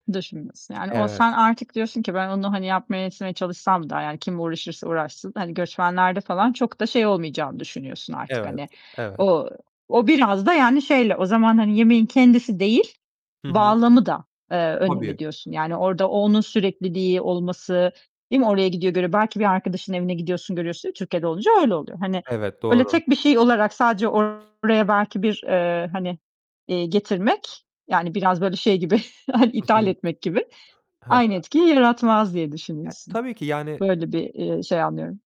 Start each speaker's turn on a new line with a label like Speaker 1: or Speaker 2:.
Speaker 1: Düşünmüyorsun. Yani o sen
Speaker 2: Evet.
Speaker 1: artık diyorsun ki ben onu, hani, yapmaya, etmeye çalışsam da yani kim uğraşırsa uğraşsın, hani, göçmenlerde falan çok da şey olmayacağını düşünüyorsun artık.
Speaker 2: Evet,
Speaker 1: Hani,
Speaker 2: evet.
Speaker 1: ooo, o biraz da yani şeyle o zaman, hani, yemeğin kendisi değil,
Speaker 2: Hı hı.
Speaker 1: bağlamı da, eee, önemli
Speaker 2: Hobi.
Speaker 1: diyorsun. Yani, orada o onun sürekliliği olması, değil mi? Oraya gidiyor, görüyor. Belki bir arkadaşının evine gidiyorsun, görüyorsun. Türkiye'de olunca öyle oluyor. Hani,
Speaker 2: Evet,
Speaker 1: öyle
Speaker 2: doğru.
Speaker 1: tek bir şey olarak sadece oraya belki bir, eee, hani, eee, getirmek, yani biraz, böyle, şey gibi hani, ithal etmek gibi,
Speaker 2: Hı hı.
Speaker 1: aynı etkiyi yaratmaz diye düşünüyorsun.
Speaker 2: Tabii ki, yani
Speaker 1: Böyle bir, ııı, şey anlıyorum.